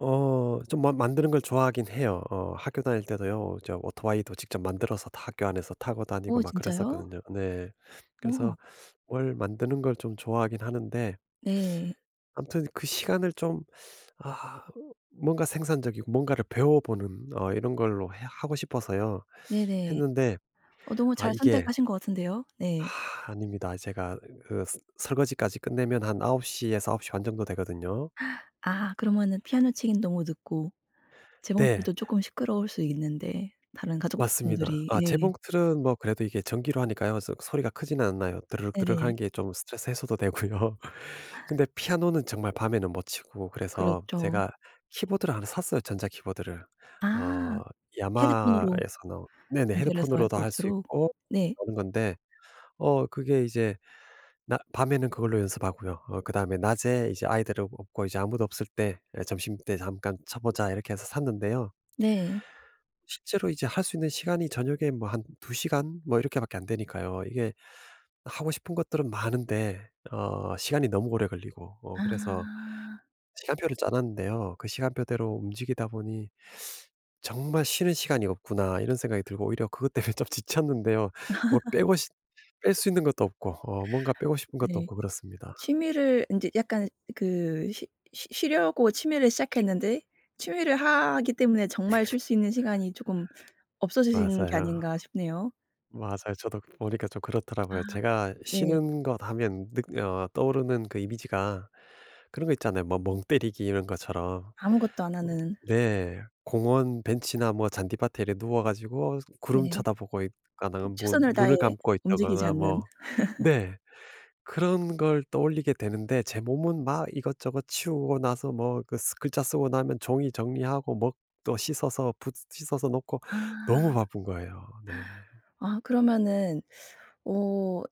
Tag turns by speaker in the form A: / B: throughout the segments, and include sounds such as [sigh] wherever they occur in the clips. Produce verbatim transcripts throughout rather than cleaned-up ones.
A: 어 좀 만 만드는 걸 좋아하긴 해요. 어 학교 다닐 때도요. 저 오토바이도 직접 만들어서 다 학교 안에서 타고 다니고
B: 어
A: 막
B: 진짜요?
A: 그랬었거든요. 네. 그래서
B: 어.
A: 뭘 만드는 걸 좀 좋아하긴 하는데
B: 네.
A: 아무튼 그 시간을 좀 [sucks teeth] 아 뭔가 생산적이고 뭔가를 배워 보는 어 이런 걸로 해 하고 싶어서요.
B: 네네.
A: 했는데.
B: 어 너무
A: 아
B: 잘
A: 이게
B: 선택하신 것 같은데요. 네.
A: [sighs] 아닙니다. 제가 으 그 서 설거지까지 끝내면 한 아홉 시 에서 아홉 시 반 정도 되거든요.
B: [gasps] 아 그러면은 피아노 치기는 너무 늦고.
A: 네.
B: 재봉틀은 쪼끔 시끄러울 수 있는데, 다른
A: 맞습니다.
B: 가족분들이
A: 아
B: 예.
A: 재봉틀은 뭐 그래도 이게 전기로 하니까요. 소 소리가 크지는 않아요.
B: 네네.
A: 드르륵드르륵하는 게 좀 스트레스 해소도 되고요. 근데 피아노는 정말 밤에는 못 치고 그래서
B: 그렇죠.
A: 제가 키보드를 하나 샀어요. 전자 키보드를.
B: 아.
A: 어
B: 헤드폰으로.
A: YAMAHA에서 나온 네네.
B: 연결해서 할
A: 헤드폰으로도
B: 수
A: 할 수
B: 있도록.
A: 있고
B: 네.
A: 하는 건데. 어 그게 이제 낮 밤에는 그걸로 연습하고요. 어 그다음에 '낮에 이제 아이들은 없고 이제 아무도 없을 때 예 점심때 잠깐 쳐 보자.' 이렇게 해서 샀는데요.
B: 네.
A: 실제로 이제 할 수 있는 시간이 저녁에 뭐 한 두 시간 뭐 이렇게밖에 안 되니까요. 이게 하고 싶은 것들은 많은데 어 시간이 너무 오래 걸리고 어 그래서
B: 아.
A: 시간표를 짜 놨는데요. 그 시간표대로 움직이다 보니 [sucks teeth] '정말 쉬는 시간이 없구나.' 이런 생각이 들고 오히려 그것 때문에 좀 지쳤는데요. 뭐
B: [laughs]
A: 빼고 시 뺄 수 있는 것도 없고 어 뭔가 빼고 싶은 것도
B: 네.
A: 없고 그렇습니다.
B: 취미를 인제 약간 그 쉬 쉬 쉬려고 취미를 시작했는데 취미를 하기 때문에 정말 쉴
A: [laughs]
B: 수 있는 시간이 조금 없어지신 게
A: 맞아요.
B: 아닌가 싶네요.
A: 맞아요. 저도 보니까 좀
B: 아.
A: 그렇더라고요. 제가
B: 네.
A: 쉬는 것 하면 늑 어 떠오르는 그 이미지가 그런 거 있잖아요. 뭐 멍 때리기 이런 것처럼.
B: 아무것도 안 하는.
A: 네. 공원 벤치나 뭐 잔디밭에 이래 누워 가지고 구름
B: 네.
A: 쳐다보고 있거나
B: 그
A: 뭐
B: 최선을 다해
A: 눈을 감고
B: 움직이지
A: 있다거나
B: 않는.
A: 뭐
B: [laughs]
A: 네. 그런 걸 떠올리게 되는데 제 몸은 막 이것저것 치우고 나서 뭐 그 쓰 글자 쓰고 나면 종이 정리하고 먹 또 씻어서 붓 씻어서 놓고
B: 아
A: 너무
B: [gasps]
A: 바쁜 거예요. 네.
B: 아 그러면은 어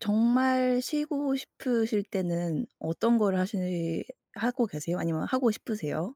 B: 정말 쉬고 싶으실 때는 어떤 거를 하시 하고 계세요? 아니면 하고 싶으세요?